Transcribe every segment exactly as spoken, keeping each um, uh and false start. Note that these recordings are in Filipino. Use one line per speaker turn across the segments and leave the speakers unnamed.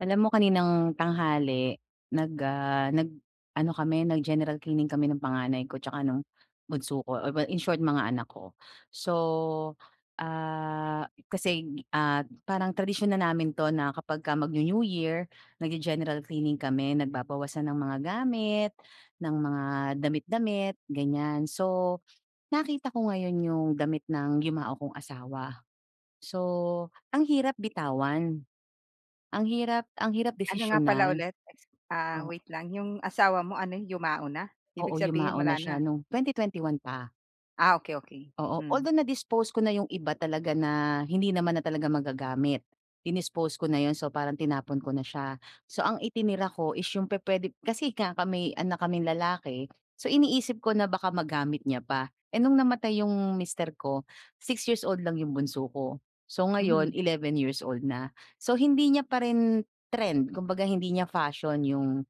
Alam mo, kaninang tanghali nag ah, nag-ano kami nag-general cleaning kami ng panganay ko 'tsaka nung bunso ko, oh, well in short, mga anak ko. So, ah, kasi, ah, parang tradisyon na namin 'to na kapag magnew-New Year, nagge-general cleaning kami, nagbabawasan ng mga gamit, ng mga damit-damit, ganyan. So, nakita ko ngayon 'yong damit ng yumao kong asawa, so ang hirap bitawan, ang hirap, ang hirap
Ano nga pala
desisyonan,
ulit? Ah,
o
wait lang 'yong asawa mo ano yumao na, ibig
Oo,
sabihin
yumao na
wala
siya
na?
nung twenty twenty-one pa.
Ah, okey, okey.
Oo,
Hmm.
although na-dispose ko na 'yong iba talaga na hindi naman na talaga magagamit. Dinispose ko na 'yon, so parang tinapon ko na siya. So ang itinira ko is 'yong pupuwede kasi nga ka may anak kaming lalaki, so iniisip ko na baka magamit niya pa. Eh, no'ng namatay 'yong mister ko, six years old lang 'yong bunso ko. So
Mhm.
ngayon, eleven years old na. So, hindi niya pa rin trend kumbaga hindi niya fashion 'yong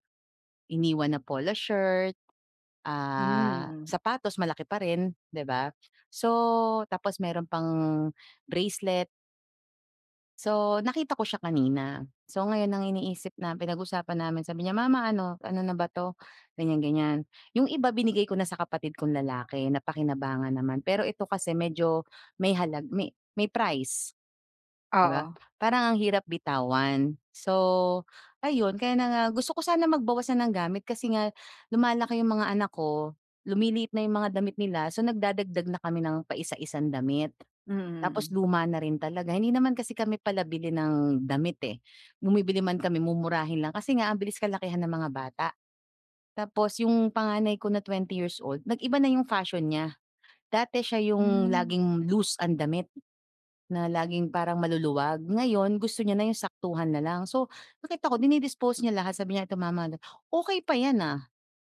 iniwan na polo shirt,
Hmm,
ah,
hmm.
sapatos malaki pa rin, 'di ba, so tapos mayro'n pang bracelet. So, nakita ko siya kanina. So, ngayon ang iniisip nam pinag-usapan namin sabi niya, "Mama ano, ano na ba 'to?" ganyan-ganyan. Yung iba binigay ko na sa kapatid kong lalaki napakinabangan naman. Pero ito kasi medyo may halag may may price, 'di ba?
Oo.
Parang ang hirap bitawan. So, ayun kaya na nga gusto ko sana magbawas na ng gamit kasi nga lumalaki yung mga anak ko, lumiliit na yung mga damit nila so, nagdadagdag na kami ng paisa-isang damit.
Mm,
Tapos
mm.
luma na rin talaga, hindi naman kasi kami pala bili ng damit, eh. Bumibili man kami mumurahin lang kasi nga ang bilis kalakihan ng mga bata. Tapos yung panganay ko na twenty years old, nag-iba na yung fashion niya. Dati siya yung
Mm.
laging loose ang damit na laging parang maluluwag, ngayon gusto niya na yung saktuhan nalang. So, nakita ko dini-dispose niya lahat sabi niya, "Ito mama look" "Okey pa yan, ah."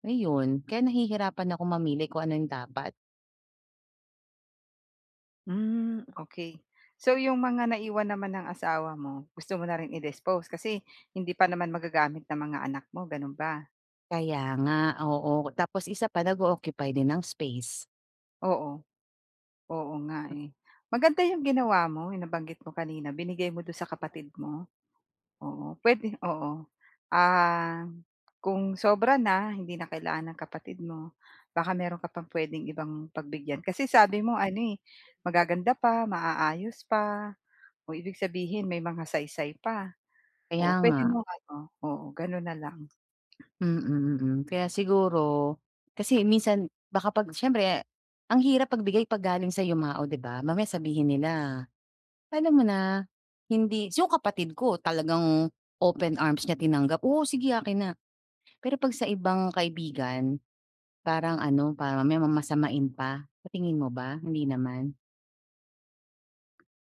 ayun, kaya nahihirapan akong mamili kung ano 'yong dapat
Mm, okey. So, yung mga naiwan naman ng asawa mo gusto mo na rin i-dispose? Kasi hindi pa naman magagamit ng mga anak mo, gano'n ba?
Kaya nga, oo. Tapos isa pa, nag-o-occupy din ng space.
Oo. Oo nga, eh. Maganda 'yong ginawa mo, 'yong nabanggit mo kanina, binigay mo do'n sa
[unintelligible]
kapatid mo. Oo, puwede oo. Ah, kung sobra na, hindi na kailangan ng kapatid mo, baka meron ka pang puwedeng ibang pagbigyan, kasi sabi mo ano, eh, magaganda pa, maaayos pa. Oh, ibig sabihin may mga saysay pa,
Kaya
oo puwede
nga.
mong ano oo, gano'n na lang.
Mm, mm. Kaya siguro kasi minsan baka 'pag siyempre ang hirap magbigay 'pag galing sa yumao, 'di ba, mamaya sabihin nila, alam mo na, hindi 'yong kapatid ko talagang open arms niya tinanggap, "Oo, sige akin na." Pero 'pag sa ibang kaibigan, parang ano, parang mamaya mamasamain pa. Sa tingin mo ba, hindi naman?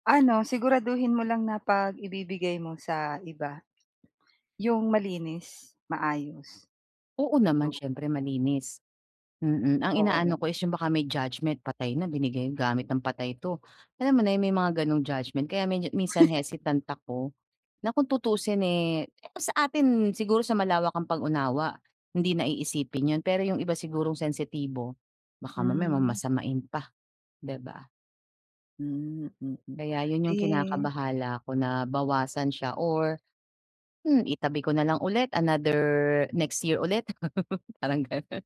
Ano, siguraduhin mo lang na 'pag ibibigay mo sa iba, 'yong malinis, maayos,
Oo naman,
'yong
siyempre malinis, mm. Ang
Oo.
inaano ko is 'yong baka may judgment, patay na, binigay 'yong gamit ng patay 'to. Alam mo na, 'yong may mga gano'ng judgment, kaya medyo minsan hesitant ako, na kung tutuusin, eh, sa atin siguro sa malawak ang pag-unawa, hindi na iisipin 'yon, pero 'yong iba sigurong sensitibo, baka mamaya
Hmm.
mamasamain pa, 'di ba?
Hmm, mm.
Kaya 'yon 'yong
Eh
kinakabahala ko na, bawasan siya or, hmm, itabi ko na lang ulit another, next year ulit. Parang gano'n.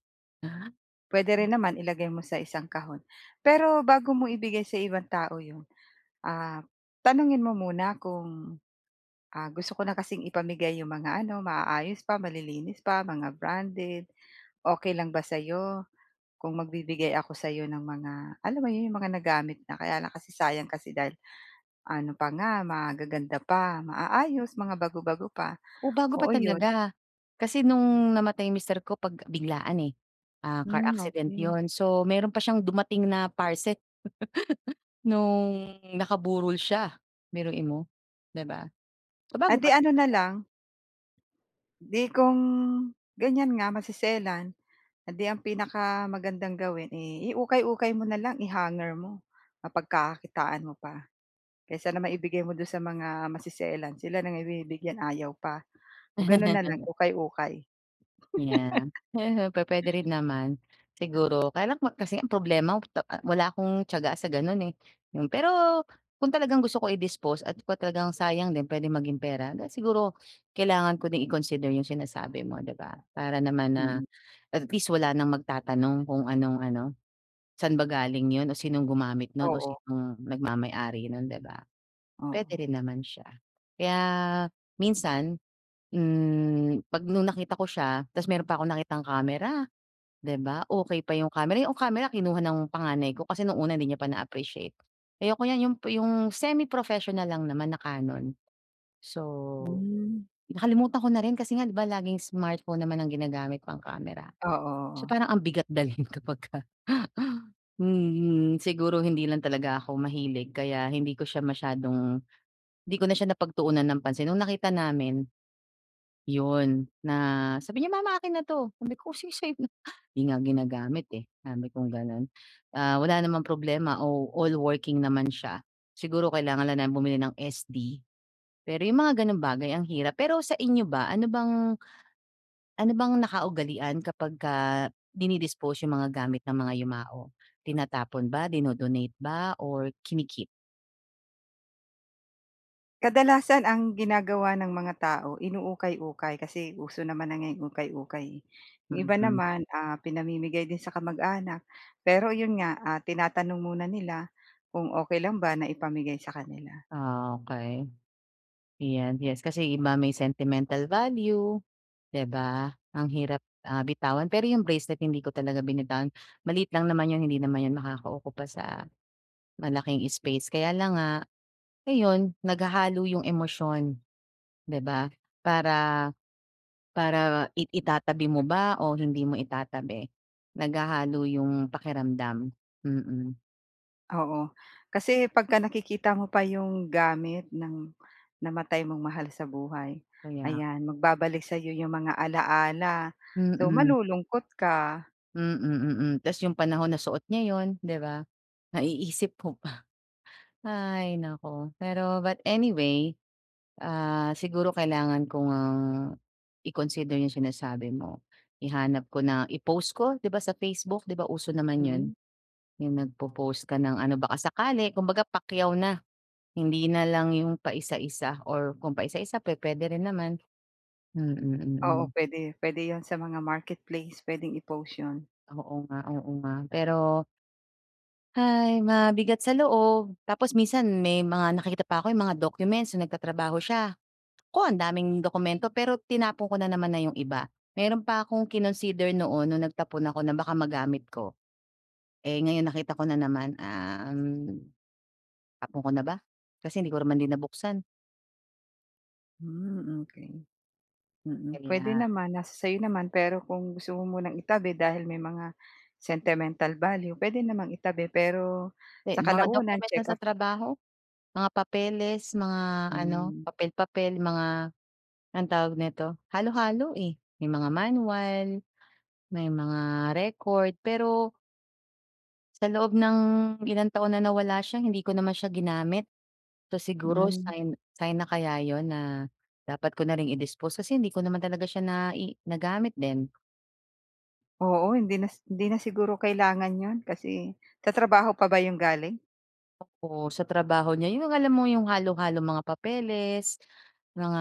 Puwede
Na M
rin naman, ilagay mo sa isang kahon. Pero, bago mo ibigay sa ibang tao 'yon, ah, tanungin mo muna kung, ah, "Gusto ko na kasing ipamigay 'yong mga ano, maayos pa, malilinis pa, mga branded. Okay lang ba sa'yo, kung magbibigay ako sa 'yo ng mga, alam mo 'yon, 'yong mga nagamit na? Kaya lang kasi sayang kasi dahil ano pa nga, magaganda pa, maayos, mga bago-bago pa."
O, bago pa
Oo, 'yon
talaga. Kasi no'ng namatay mister ko pag biglaan, eh, ah, car
Hmm,
accident
okay.
'yon. So, meron pa siyang dumating na parcel, no'ng nakaburol siya, biruin mo, 'di ba. So,
Eh
bago
'di,
pa
ano na
talaga.
lang 'di, kung ganyan nga, maseselan. Eh, 'di, ang pinakamagandang gawin, eh, iukay-ukay mo na lang, i-hanger mo, mapagkakakitaan mo pa. Kaysa naman ibigay mo do'n sa mga maseselan, sila na nga binibigyan, ayaw pa. O, gano'n na lang, ukay-ukay.
Yeah, he ho pupuwede rin naman, siguro. Kaya lang, mak kasi ang problema, put ah, wala akong tiyaga sa gano'n, eh. Pero, kung talagang gusto ko i-dispose at kung talagang sayang din, puwedeng maging pera, then siguro kailangan ko din i-consider 'yong sinasabi mo, 'di ba. Para naman na,
Mm.
at least, wala nang magtatanong kung anong ano, saan ba galing 'yon o sinong gumamit no'n, o
Oo.
sinong nagmamay-ari no'n, 'di ba.
Oo.
Puwede rin naman siya, kaya minsan, hmm, pag no'ng nakita ko siya, tapos meron pa akong nakitang camera, 'di ba. Okay pa 'yong camera, o, 'yong camera kinuha ng panganay ko kasi no'ng una 'di niya pa na-appreciate, "Ayoko yan." 'Yon pa 'yong semi-professional lang naman na Canon. So,
Hmm.
nakalimutan ko na rin kasi nga, 'di ba, laging smartphone naman ang ginagamit pang camera. So,
Oo.
parang ang bigat dalhin kapagka mm. Siguro hindi lang talaga ako mahilig kaya hindi ko siya masyadong 'di ko na siya napagtuunan ng pansin no'ng nakita namin, 'yon, na sabi niya, "Mama akin na 'to," sabi ko, "O, sige sayo na. 'Di nga ginagamit, eh," sabi kong gano'n. Ah, wala namang problema, o all working naman siya, siguro kailangan lang namin bumili ng S-D. Pero 'yong mga gano'ng bagay ang hirap. Pero sa inyo ba, ano bang ano bang nakaugalian kapagka dini-dispose 'yong mga gamit ng mga yumao, tinatapon ba, dino-donate ba, or kini-keep?
Kadalasan ang ginagawa ng mga tao inuukay-ukay kasi uso naman na nga ukay-ukay, eh. Yung iba
Mhm.
naman, ah, pinamimigay din sa kamag-anak pero 'yon nga, ah, tinatanong muna nila kung okey lang ba na ipamigay sa kanila.
Ah, okey. Yan yes kasi iba may sentimental value, 'di ba? Ang hirap, ah, bitawan. Pero yung bracelet hindi ko talaga binitawan. Maliit lang naman 'yon hindi naman yon makakaukupa sa malaking space. Kaya lang nga, ayun naghahalo yung emosyon 'di ba? Para, para i itatabi mo ba o hindi mo itatabi? Naghahalo yung pakiramdam. Mm.
Oo. Kasi pagka nakikita mo pa yung gamit ng namatay mong mahal sa buhay.
Kaya
Ayan, magbabalik sayo yung mga alaala so,
Mhm.
malulungkot ka.
Hmm, mm, mm. Tapos yung panahon na suot niya 'yon, di ba? Naiisip mo pa. Ay naku! Pero but anyway, ah, siguro kailangan ko ngang i-consider yung sinasabi mo. Ihanap ko na, i-post ko 'di ba sa Facebook? 'Di ba uso naman 'yon?
Mhm.
Yung nagpo-post ka ng ano baka sakali kumbaga pakyaw na. Hindi na lang yung paisa-isa or kung paisa-isa pu-puwede rin naman. Mm,
Oo,
mm.
puwede. Puwede 'yon sa mga marketplace puwedeng i-post 'yon.
Oo nga, oo nga. Pero, "Hay! Mabigat sa loob." Tapos minsan may mga nakikita pa ako yung mga documents nung nagtatrabaho siya. Naku, ang daming dokumento pero tinapon ko na naman na yung iba. Mayro'n pa akong kinonsider noon nung nagtapon ako na baka magamit ko. Eh, ngayon nakita ko na naman, um. Tapon ko na ba? Kasi hindi ko naman din nabuksan.
Hmm, okey. Mm, puwede
Kaya.
naman, nasa sa'yo naman, pero kung gusto mo munang itabi dahil may mga sentimental value, puwede namang itabi. Pero
Eh,
sa
mga
kalaunan
document niya sa
check-up
trabaho? Mga papeles, mga ano,
Hmm.
papel-papel, yung mga, anong tawag nito? Halo-halo, eh, may mga manual, may mga record. Pero sa loob ng ilang taon na nawala siya, hindi ko naman siya ginamit. So, siguro
Hmm.
sign sign na kaya 'yon? Na dapat ko na ring i-dispose, kasi hindi ko naman talaga siya nai nagamit din.
Oo, hindi nas hindi na siguro kailangan 'yon, kasi sa trabaho pa ba yun galing?
Oo, sa trabaho niya. Yung alam mo, yung halo-halong mga papeles, mga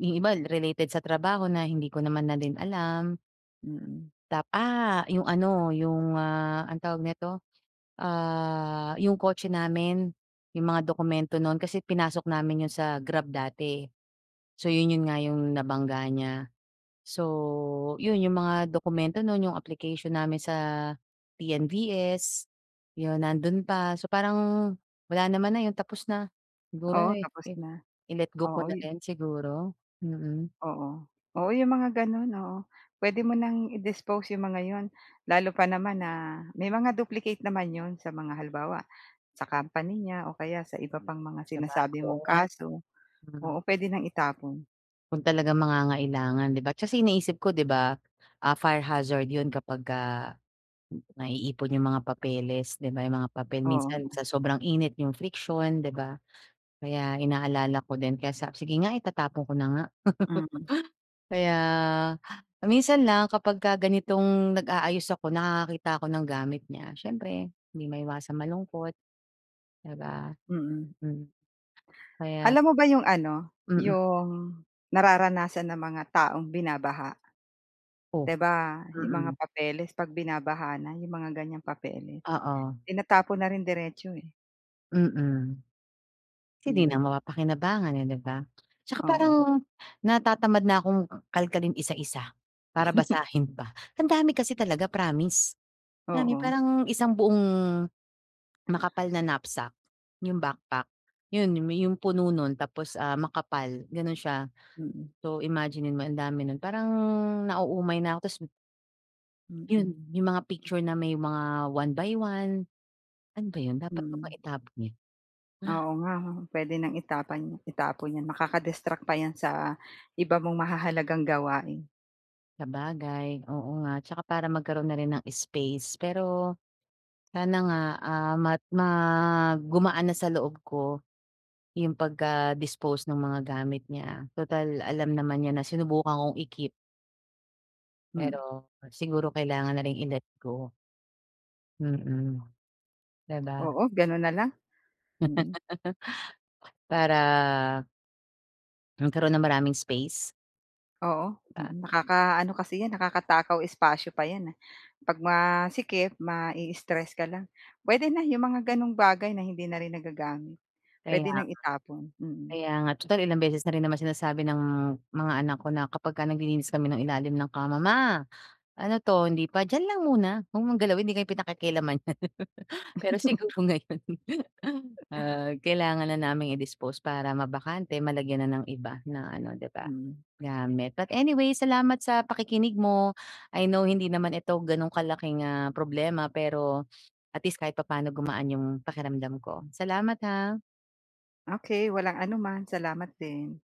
yung iba related sa trabaho na hindi ko naman na din alam.
Mm.
Tap ah, 'yong ano, 'yong, ah, anong tawag nito? Ah, 'yong kotse namin, 'yong mga dokumento no'n, kasi pinasok namin 'yon sa Grab dati, eh. So 'yon, 'yon nga 'yong nabangga niya. So 'yon, 'yong mga dokumento no'n, 'yong application namin sa P-N-V-S, 'yon nando'n pa. So parang, wala naman na 'yon, tapos na. Siguro,
Oo,
eh,
tapos
i
na.
i-let go ko
Oo,
na
eh.
rin, siguro, mm.
Oo. Oo, 'yong mga gano'n, oo. Puwede mo nang i-dispose 'yong mga 'yon. Lalo pa naman na may mga duplicate naman 'yon sa mga halimbawa, sa company niya o kaya sa iba pang mga
Saba
sinasabi
oo,
mong
nga
kaso. Oo,
hmm.
puwede nang itapon.
Kung talagang mangangailangan 'di ba, kasi iniisip ko 'di ba, ah, fire hazard 'yon kapagka naiipon 'yong mga papeles 'di ba? Yong mga papel
Oo
minsan
nga.
sa sobrang init 'yong friction 'di ba, kaya inaalala ko din kaya sa sige nga itatapon ko na nga.
Mm.
Kaya minsan lang kapagka ganitong nag-aayos ako nakakakita ako ng gamit niya, siyempre hindi maiwasang malungkot 'di ba,
Mm.
mm, kaya
Alam mo ba yung ano,
Mm.
yung nararanasan ng mga taong binabaha?
Oh!
Di ba, 'yong mga
Mm.
papeles 'pag binabaha na 'yong mga ganyang papeles
Oo.
tinatapon na rin diretso, eh.
Mm. si 'di na
'Yon.
mapapakinabangan, eh, 'di ba? 'Tsaka parang
Oo.
natatamad na akong kalkalin isa-isa, para basahin pa. Ang dami kasi talaga promise, alam mo yon
Oo.
parang isang buong makapal na knapsack, 'yong backpack. 'Yon, 'yong puno no'n tapos, ah, makapal gano'n siya.
Mm.
So, imagine-in mo ang dami no'n parang nauumay na ako tapos
Mm.
'Yon. Yung mga picture na may mga one-by-one Ano ba 'yon dapat ko ba
Mhm.
itapon 'yon?
Oo nga 'no, puwede nang itapon itapon yan. Makaka distract pa yan sa iba mong mahahalagang gawain.
Sabagay, oo nga 'tsaka para magkaroon na rin ng space. Pero sana nga, ah, mag gumaan na sa loob ko yung pagka-dispose nung mga gamit niya. Tutal alam naman niya na sinubukan kong i-keep.
Hmm.
Pero, siguro kailangan na ring i-let go. Mm di ba?
Oo, gano'n na lang. Mm.
Para magkaroon ng maraming space?
Oo.
Di ba?
Mm, nakakaano kasi yan nakakatakaw espasyo pa yan, ah. Pag masikip, mai-stress ka lang. Puwede na yung mga ganong bagay na hindi na rin nagagamit.
Kaya
Puwede
nga.
nang itapon. Mm.
Kaya nga tutal ilang beses na rin naman sinasabi ng mga anak ko na kapag ka naglilinis kami ng ilalim ng kama. "Ma, ano 'to hindi pa?" "Diyan lang muna 'wag mong galawin hindi kayo pinakikialaman niyan." Pero siguro ngayon, ah, kailangan na naming i-dispose para mabakante malagyan na ng iba na ano 'di ba,
Hmm.
gamit. But anyways, salamat sa pakikinig mo I know hindi naman ito ganong kalaking, ah, problema pero at least kahit papaano gumaan 'yong pakiramdam ko. Salamat ha.
Okey. Walang anuman salamat din.